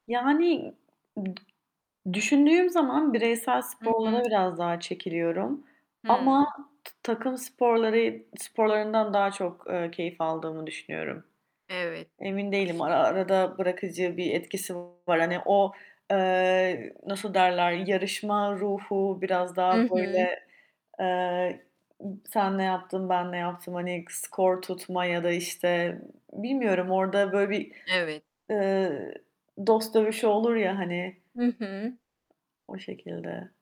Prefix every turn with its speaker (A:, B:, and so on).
A: Yani ım düşündüğüm zaman bireysel
B: Hı hı.
A: sporlara biraz daha çekiliyorum ama
B: Hıı.
A: t takım sporları sporlarından daha çok, eee, keyif aldığımı düşünüyorum.
B: Evet.
A: Emin değilim. Ara arada bırakıcı bir etkisi var. Hani o, eee, nasıl derler yarışma ruhu biraz daha
B: Hı hı.
A: böyle, eee, sen ne yaptın, ben ne yaptım hani skor tutma ya da, işte, bilmiyorum. Orada böyle bir,
B: Evet.
A: eee, dost dövüşü olur ya, hani
B: Hı hı.
A: o şekilde.